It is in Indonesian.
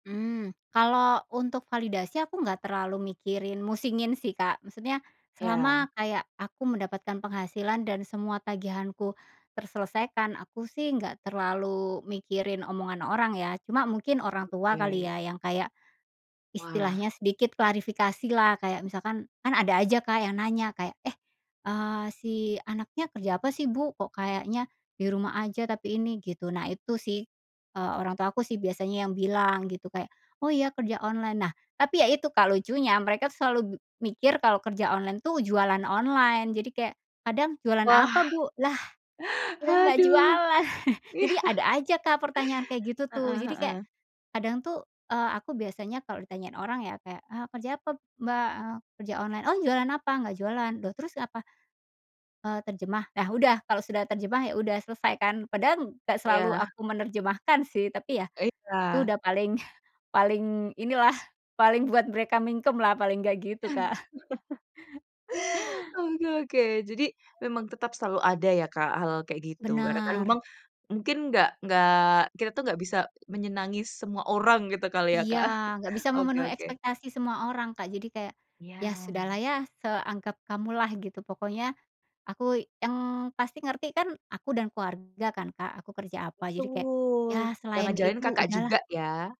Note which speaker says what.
Speaker 1: Mmm, kalau untuk validasi aku nggak terlalu mikirin musingin sih, Kak. Maksudnya,
Speaker 2: Ya.
Speaker 1: selama kayak aku mendapatkan penghasilan dan semua tagihanku terselesaikan, aku sih nggak terlalu mikirin omongan orang ya, cuma mungkin orang tua kali
Speaker 2: Oke.
Speaker 1: ya yang kayak,
Speaker 2: Wah.
Speaker 1: istilahnya sedikit klarifikasilah. Kayak misalkan kan ada aja, Kak, yang nanya kayak, "Eh," eee, "si anaknya kerja apa sih, Bu? Kok kayaknya di rumah aja tapi ini?" gitu. Nah, itu sih, eee, orang tua aku sih biasanya yang bilang gitu kayak, "Oh, ya kerja online." Nah, tapi ya itu, Kak, lucunya mereka tuh selalu m mikir kalau kerja online tuh jualan online, jadi kayak kadang, "Jualan
Speaker 2: Wah,
Speaker 1: apa, Bu?" Lah, kita nggak
Speaker 2: aduh,
Speaker 1: jualan. Jadi
Speaker 2: iya.
Speaker 1: ada aja, Kak, pertanyaan kayak gitu tuh,
Speaker 2: Heeh,
Speaker 1: jadi kayak,
Speaker 2: heeh.
Speaker 1: kadang tuh, eee, aku biasanya kalo ditanyain orang ya kayak, "Ah, kerja apa, Mbak?" eee, "kerja online. Oh, jualan apa? Nggak jualan. Loh, terus apa?" eee, "terjemah." Nah, udah. Kalau sudah terjemah, ya udah selesai kan? Padahal nggak selalu
Speaker 2: Iya.
Speaker 1: aku menerjemahkan sih tapi ya, itu
Speaker 2: Baiklah.
Speaker 1: udah paling paling inilah, paling buat mereka mingkem-lah, paling nggak gitu, Kak.
Speaker 2: Oke, oke. Jadi memang tetap selalu ada ya, Kak, hal kayak gitu, karena kan
Speaker 1: Bener.
Speaker 2: memang, mungkin nggak nggak kita tuh nggak bisa menyenangi semua orang, gitu kali ya,
Speaker 1: Iya.
Speaker 2: Kak?
Speaker 1: Nggak bisa
Speaker 2: Oke,
Speaker 1: memenuhi
Speaker 2: oke.
Speaker 1: ekspektasi semua orang, Kak, jadi kayak, "ya
Speaker 2: Ya.
Speaker 1: sudahlah ya, seanggap kamulah," gitu pokoknya, aku yang pasti ngerti kan aku dan keluarga kan, Kak, aku kerja apa, jadi kayak, "ya,
Speaker 2: Betul, yang
Speaker 1: selain
Speaker 2: ngajarin
Speaker 1: itu
Speaker 2: Kakak juga
Speaker 1: udahlah."
Speaker 2: ya.